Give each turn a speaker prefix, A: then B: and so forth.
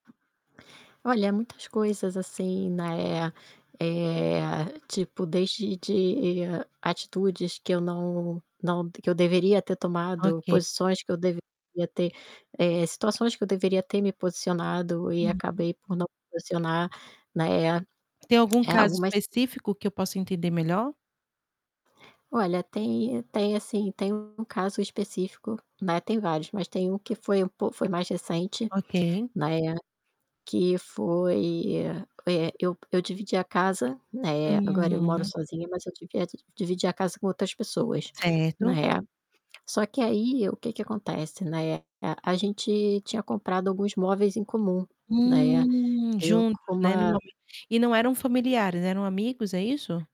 A: Olha, muitas coisas, assim, né, eh, tipo desde de atitudes que eu não não que eu deveria ter tomado,
B: Ok.
A: posições que eu devia ter, eh, situações que eu deveria ter me posicionado e
B: Uhum.
A: acabei por não posicionar, né,
B: Tem algum
A: é
B: caso
A: algumas
B: específico que eu possa entender melhor?
A: Olha, tem tem assim, tem um caso específico né, tem vários, mas tem um que foi um po foi mais recente,
B: Ok.
A: né, que foi, eh, eu eu dividia casa, né, agora eu moro
B: Hum.
A: sozinha mas eu divi dividia casa com outras pessoas,
B: Certo.
A: né. Só que aí o que que acontece, né, eh, a gente tinha comprado alguns móveis em comum, né.
B: Hum,
A: Eu
B: juntos,
A: com
B: né, no
A: uma
B: momento, e não eram familiares, eram amigos, é isso?